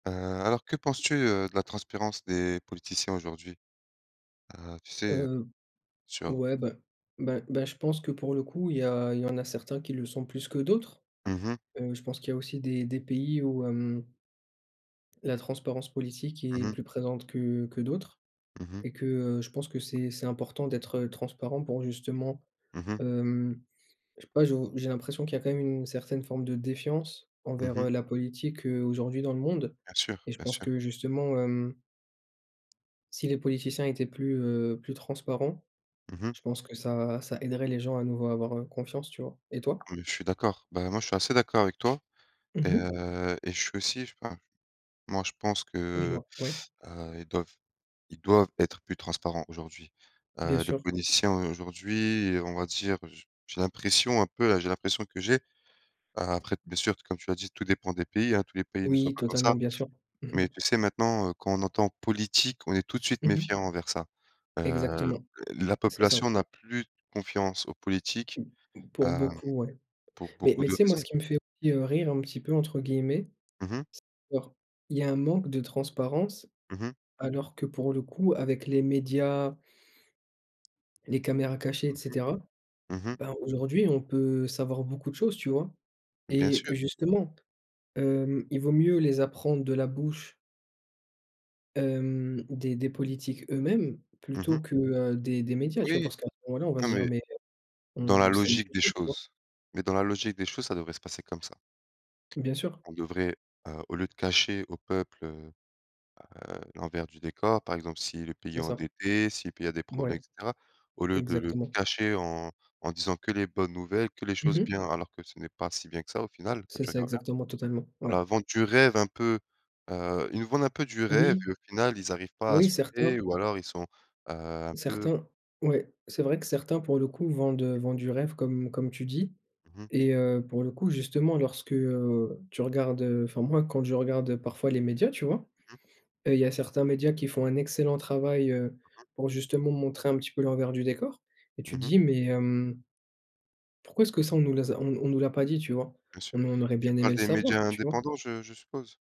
Heu, alors que penses-tu, heu, de la transparence des politiciens aujourd'hui? Heu, tu sais, heu, Heu, sur ouais, ben ben ben je pense que, pour le coup, il y a il y en a certains qui le sont plus que d'autres. Mmh mh. Heu, je pense qu'il y a aussi des des pays où, hem, la transparence politique Mmh est mh. plus présente que que d'autres. Mmh mh. Et que, heu, je pense que c'est c'est important d'être, heu, transparent pour justement, Mmh mh hem, je sais pas, je vou j'ai l'impression qu'il y a quand même une certaine forme de défiance Mmh envers, heu, mh. la politique, heu, aujourd'hui dans le monde. Bien sûr, Et je bien pense sûr. que justement, hem si les politiciens étaient plus, heu, plus transparents, Mmh mh. je pense que ça ça aiderait les gens à nouveau à avoir, heu, confiance, tu vois? Et toi? Oui, je suis d'accord. Bah, moi, je suis assez d'accord avec toi et, Mmh mh. heu, et je suis aussi, je sais pas moi je pense que, Dis-moi? Ouais? heu heu, ils doivent ils doivent être plus transparents aujourd'hui. Bien Heu, les sûr. politiciens aujourd'hui, heu, on va dire, j j'ai l'impression un peu, heu, j'ai l'impression que j'ai, a après t bien sûr, comme tu as dit, tout dépend des pays, hein, tous les pays ne sont Oui, pas comme totalement, ça. bien sûr. Mmh Mais mh. tu sais, maintenant, heu, quand on entend: «politique», on est tout de suite Mmh mh. méfiant envers ça. Heu, Exactement, l la c'est ça. population n'a plus confiance aux politiques, Pour hem, beaucoup, ouais. pour Mais beaucoup mais tu de sais, moi ce raisons. qui me fait aussi, heu, «rire», un petit peu, entre guillemets, Mmh mh. c'est, [unintelligible] il y a un manque de transparence, Mmh mh. alors que, pour le coup, avec les médias les caméras cachées et Mmh mh. cetera, Mmh mh. ben aujourd'hui, on peut savoir beaucoup de choses, tu vois? Mmh, bien Et sûr! justement, hem, il vaut mieux les apprendre de la bouche hem, des des politiques eux-mêmes, Mmh plutôt mh. que, heu, des des médias, tu vois? Oui! Parce qu'à ce moment-là, on va Ah se dire: mais, «Mais dans on la [unintelligible] logique des beaucoup», tu vois? choses. Mais dans la logique des choses, ça devrait se passer comme ça. Bien sûr. On devrait, heu, au lieu de cacher au peuple, heu, bah, heu, l'envers du décor, par exemple si le pays est C'est ça. endetté, si le pays a des problèmes, Mouais. et cetera, au lieu de le Exactement. cacher en en disant que les bonnes nouvelles, que les Mmh choses mh. bien, alors que ce n'est pas si bien que ça au final, quand C'est tu ça, regardes bien. exactement. Totalement, ouais. Voilà, vendre du rêve un peu, heu, ils nous vendent un peu du rêve, Oui! et au final, ils arrivent pas à Oui, assumer, certains ou alors ils sont, heu, un peu certains, ouais. C'est vrai que certains, pour le coup, vendent, heu, Mmh. vendent du rêve, comme comme tu dis. Mmh mh. Et, heu, pour le coup, justement, lorsque, heu, tu regardes, heu, enfin moi, quand je regarde parfois les médias, tu vois? Mmh mh. Heu, il y a certains médias qui font un excellent travail, heu, Mmh mh. pour justement montrer un petit peu l'envers du décor, et Mmh tu te mh. dis: «Mais, hem» «pourquoi est-ce que ça, on nous les a on no on nous l'a pas dit?», tu vois? Bien sûr. On on aurait Tu bien aimé parles le des médias savoir, tu vois? indépendants, je je suppose?